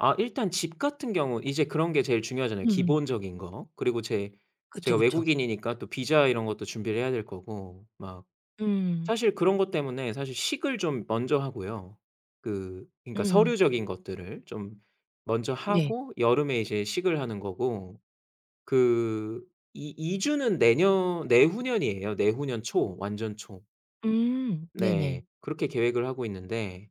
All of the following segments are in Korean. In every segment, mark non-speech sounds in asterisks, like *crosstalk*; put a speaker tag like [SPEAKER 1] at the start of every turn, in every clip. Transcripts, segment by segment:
[SPEAKER 1] 아 일단 집 같은 경우 이제 그런 게 제일 중요하잖아요
[SPEAKER 2] 음.
[SPEAKER 1] 기본적인 거. 그리고 제
[SPEAKER 2] 그쵸,
[SPEAKER 1] 제가
[SPEAKER 2] 그쵸.
[SPEAKER 1] 외국인이니까 또 비자 이런 것도 준비를 해야 될 거고, 막.
[SPEAKER 2] 음.
[SPEAKER 1] 사실 그런 것 때문에 사실 식을 좀 먼저 하고요. 그 그러니까
[SPEAKER 2] 음.
[SPEAKER 1] 서류적인 것들을 좀 먼저
[SPEAKER 2] 네.
[SPEAKER 1] 하고 여름에 이제 식을 하는 거고 그 이 이주는 내년 내후년이에요, 내후년 초, 완전 초.
[SPEAKER 2] 음. 네네.
[SPEAKER 1] 네. 그렇게 계획을 하고 있는데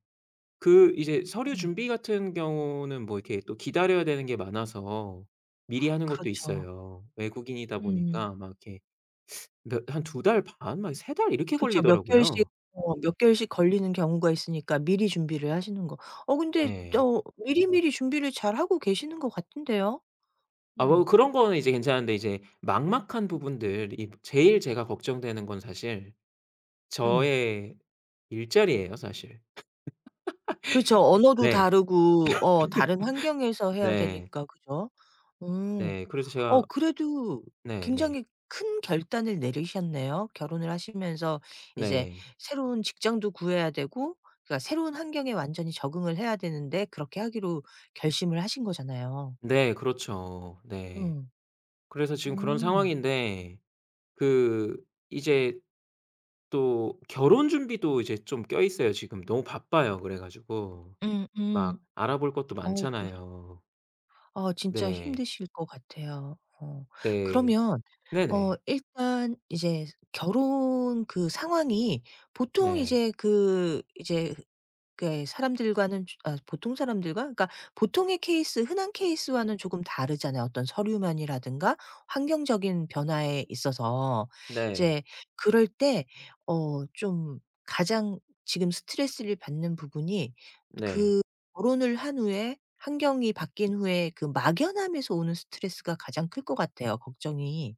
[SPEAKER 1] 그 이제 서류
[SPEAKER 2] 어머.
[SPEAKER 1] 준비 같은 경우는 뭐 이렇게 또 기다려야 되는 게 많아서 미리
[SPEAKER 2] *gasps*
[SPEAKER 1] 하는 것도
[SPEAKER 2] 그렇죠.
[SPEAKER 1] 있어요. 외국인이다
[SPEAKER 2] 음.
[SPEAKER 1] 보니까 막 이렇게 그러니까 한 2 달 반 막 3 달 이렇게
[SPEAKER 2] 그쵸. 몇 개월씩
[SPEAKER 1] 걸리더라고요.
[SPEAKER 2] 어 몇 개월씩 걸리는 경우가 있으니까 미리 준비를 하시는 거. 어 근데
[SPEAKER 1] 네.
[SPEAKER 2] 어 미리미리 준비를 잘하고 계시는 것 같은데요.
[SPEAKER 1] 아 뭐
[SPEAKER 2] 어.
[SPEAKER 1] 그런 거는 이제 괜찮은데 이제 막막한 부분들이 제일 제가 걱정되는 건 사실
[SPEAKER 2] 음.
[SPEAKER 1] 저의 일자리예요 사실.
[SPEAKER 2] 그렇죠.
[SPEAKER 1] *laughs*
[SPEAKER 2] 언어도
[SPEAKER 1] 네.
[SPEAKER 2] 다르고 어 다른 환경에서
[SPEAKER 1] *laughs*
[SPEAKER 2] 해야
[SPEAKER 1] 네.
[SPEAKER 2] 되니까 그죠. 어.
[SPEAKER 1] 네. 그래서
[SPEAKER 2] 어
[SPEAKER 1] 제가
[SPEAKER 2] 그래도
[SPEAKER 1] 네네.
[SPEAKER 2] 굉장히 큰 결단을 내리셨네요. 결혼을 하시면서 이제
[SPEAKER 1] 네.
[SPEAKER 2] 새로운 직장도 구해야 되고 그러니까 새로운 환경에 완전히 적응을 해야 되는데 그렇게 하기로 결심을 하신 거잖아요.
[SPEAKER 1] 네. 그렇죠. 네.
[SPEAKER 2] 음.
[SPEAKER 1] 그래서 지금 그런
[SPEAKER 2] 음.
[SPEAKER 1] 상황인데 그 이제 또 결혼 준비도 이제 좀 껴 있어요, 지금. 너무 바빠요 그래 가지고.
[SPEAKER 2] 음음.
[SPEAKER 1] 막 알아볼 것도
[SPEAKER 2] 어 그랬
[SPEAKER 1] 많잖아요.
[SPEAKER 2] 어 진짜
[SPEAKER 1] 네.
[SPEAKER 2] 힘드실 것 같아요. 어.
[SPEAKER 1] 네.
[SPEAKER 2] 그러면 어
[SPEAKER 1] 네네.
[SPEAKER 2] 일단 이제 결혼 그 상황이 보통
[SPEAKER 1] 네.
[SPEAKER 2] 이제 그 이제 그게 사람들과는 즈 어 보통 사람들과 그러니까 보통의 케이스, 흔한 케이스와는 조금 다르잖아요 어떤 서류 면이라든가 환경적인 변화에 있어서.
[SPEAKER 1] 네.
[SPEAKER 2] 이제 그럴 때 어 좀 가장 지금 스트레스를 받는 부분이 드
[SPEAKER 1] 네.
[SPEAKER 2] 그 결혼을 한 후에, 환경이 바뀐 후에 그 막연함에서 오는 스트레스가 가장 클 것 같아요, 걱정이.